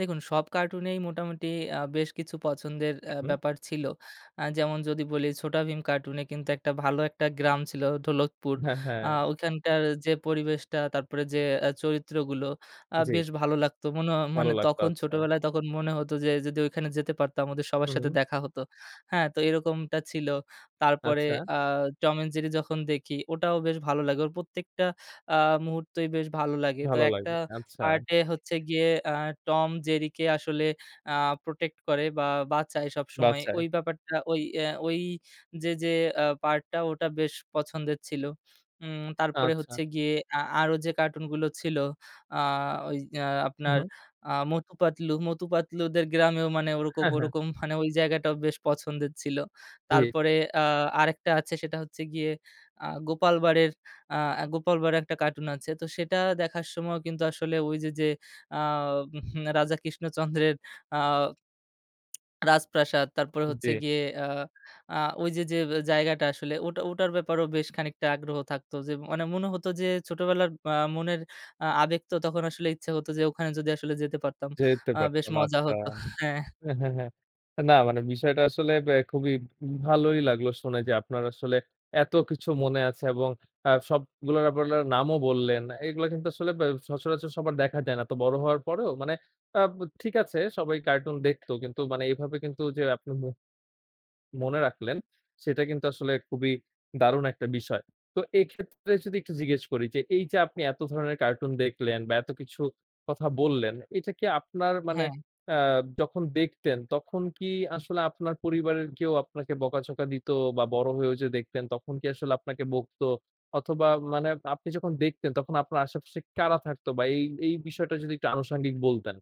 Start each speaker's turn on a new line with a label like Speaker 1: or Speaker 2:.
Speaker 1: দেখুন সব কার্টুনেই মোটামুটি আ বেশ কিছু পছন্দের আ
Speaker 2: হুম।
Speaker 1: ব্যাপার ছিল। আ যেমন যদি বলি ছোটাভীম কার্টুনে কিন্তু একটা ভালো একটা গ্রাম ছিল ঢোলকপুর।
Speaker 2: হ্যাঁ,
Speaker 1: আ
Speaker 2: হ্যাঁ।
Speaker 1: ওইখানকার যে, পরিবেশটা তারপরে যে, আ চরিত্রগুলো আ
Speaker 2: জি।
Speaker 1: বেশ ভালো লাগতো। মনও
Speaker 2: ভালো
Speaker 1: মানে
Speaker 2: লাগতো
Speaker 1: তখন
Speaker 2: আচ্ছা।
Speaker 1: ছোটোবেলায় তখন মনে হত যে, যদি ওইখানে যেতে পারতাম ওদের সবার
Speaker 2: হু,
Speaker 1: সাথে
Speaker 2: হুম।
Speaker 1: দেখা হতো। হ্যাঁ? তো এরকমটা ছিল। তারপরে
Speaker 2: আচ্ছা।
Speaker 1: আ Tom and Jerry যখন দেখি ওটাও বেশ ভালো লাগে। ওর প্রত্যেকটা আ মুহূর্তেই বেশ ভালো লাগে। তো
Speaker 2: ভালো
Speaker 1: একটা
Speaker 2: লাগবে। আচ্ছা।
Speaker 1: পার্টে হচ্ছে গিয়ে আ টম জেরিকে আসলে আ প্রটেক্ট করে বা বাঁচায় সবসময়।
Speaker 2: বাচায়।
Speaker 1: ওই ব্যাপারটা ওই আ ওই যে, যে, আ পার্ট টা ওটা বেশ পছন্দের ছিল। উম তারপরে
Speaker 2: আচ্ছা।
Speaker 1: হচ্ছে গিয়ে আ আরো যে, কার্টুনগুলো ছিল আ ওই এ্যা আপনার
Speaker 2: হুম।
Speaker 1: আ মটু পাতলু। মটু পাতলুদের গ্রামেও মানে ওরকম,
Speaker 2: হ্যাঁ, হ্যাঁ।
Speaker 1: ওরকম, মানে ওই জায়গাটাও বেশ পছন্দের ছিল।
Speaker 2: জি।
Speaker 1: তারপরে আ আরেকটা আছে সেটা হচ্ছে গিয়ে আ 'গোপাল ভাড়ের' আ 'গোপালভাড়' একটা কার্টুন আছে। তো সেটা দেখার সময়ও কিন্তু আসলে ওই যে, যে, আ উহু 'রাজা কৃষ্ণচন্দ্রের' আ রাজপ্রাসাদ। তারপরে হচ্ছে
Speaker 2: জি।
Speaker 1: গিয়ে আ আ ওই যে, যে, জায়গাটা আসলে ওটা, ওটার, ব্যাপারেও বেশ খানিকটা আগ্রহ থাকত। যে, ম মানে মনে হত যে, ছোটবেলার আ মনের আ আবেগ তো তখন আসলে ইচ্ছা হত যে, ওখানে যদি আসলে যেতে পারতাম।
Speaker 2: যেতে
Speaker 1: আ বেশ
Speaker 2: পারতেন।
Speaker 1: মজা
Speaker 2: আচ্ছা।
Speaker 1: হত। হ্যাঁ।
Speaker 2: এ হ্যাঁ, হ্যাঁ, হ্যাঁ। না মানে বিষয়টা আসলে আ খুবই ভালোই লাগলো শুনে। যে, আপনার আসলে এত কিছু মনে আছে এবং আ সবগুলো আপনার নামও বললেন। এগুলো কিন্তু আসলে বে সচরাচর সবার দেখা যায় না। তো বড় হওয়ার পরেও মানে আ ঠিক আছে সবাই কার্টুন দেখতো। কিন্তু মানে এইভাবে কিন্তু যে, আপনি মু মনে রাখলেন। সেটা কিন্তু আসলে খুবই দারুণ একটা বিষয়। তো এক্ষেত্রে যদি একটু জিজ্ঞেস করি। যে, এই যে, আপনি এত ধরনের কার্টুন দেখলেন বা এত কিছু কথা বললেন। এটা কি আপনার মানে
Speaker 1: হ্যাঁ।
Speaker 2: আ যখন দেখতেন তখন কি আসলে আপনার পরিবারের কেউ আপনাকে বকা ঝকা দিতো? বা বড় হয়ে যে, দেখতেন তখন কি আসলে আপনাকে বকতো? অথবা মানে আপনি যখন দেখতেন তখন আপনার আশেপাশে কারা থাকতো? বা এই, এই, বিষয়টা যদি একটু আনুষঙ্গিক বলতেন?